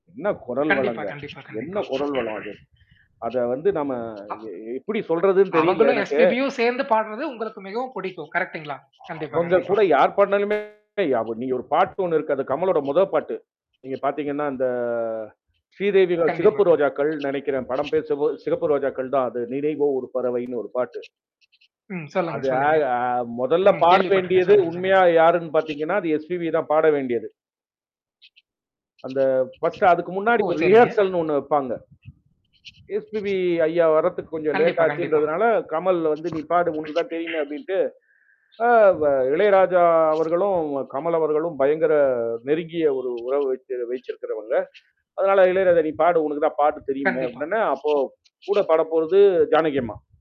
என்ன குரல் கண்டிப்பா, வளங்க? கண்டிப்பா, கண்டிப்பா என்ன குரல் வளம் அது? அத வந்து நம்ம அப் இத எப்படி சொல்றதுன்னு தெரியல அவங்களும், எனக்கு. எஸ்-பி-பி யும் சேர்ந்து பாடுனது உங்களுக்கு மிகவும் புடிக்கும். கரெக்ட்டுங்களா? கண்டிப்பா, அவுங்க கண்டிப்பா. கூட யார் பாடினாலுமே அவங்க நீங்க ஒரு பாட்டு ஒண்ணு இருக்கு. அது கமலோட முதல் பாட்டு. நீங்க பார்த்தீங்கன்னா, அந்த ஸ்ரீதேவி தான் கண்டிப்பா, சிகப்பு கண்டிப்பா. ரோஜாக்கள் நெனைக்கிறேன். படம் பேரு சிவ சிவப்பு ரோஜாக்கள் தான் அது "நினைவோ ஒரு பறவைன்னு" ஒரு பாட்டு. ம். சொல்லுங்க, அது அ சொல்லுங்க. அ மொதல்ல ம். பாட கேள்விப்பட்டருக்கேன். வேண்டியது சொல்லுங்க, சொல்லுங்க. உண்மையா யாருன்னு பார்த்தீங்கன்னா, அது எஸ்-பி-பி தான் பாட வேண்டியது. அந்த ஃபர்ஸ்ட் அதுக்கு முன்னாடி ஓ! ஒரு சரிங்க. ரிஹர்சல்ன்னு ஒண்ணு வப்பாங்க. எஸ்-பி-பி ஐயா வர்றதுக்கு கொஞ்சம் கண்டிப்பா, கண்டிப்பா. லேட்டாச்சுன்றதுனால கமல் வந்து "நீ பாடு உனக்கு தான் தெரியுமே" அப்பிடின்ட்டு. ஆ வ இளையராஜா அவர்களும் கமல் அவர்களும் பயங்கர நெருங்கிய ஒரு உறவு வச்சு வச்சிருக்கிறவங்க. அதனால இளையராஜா, "நீ பாடு உனக்கு தான் பாட்டு தெரியுமே!" கண்டிப்பா. அப்பிடினவுனே அப்போ கூட படப்போறது ஜானகி அம்மா.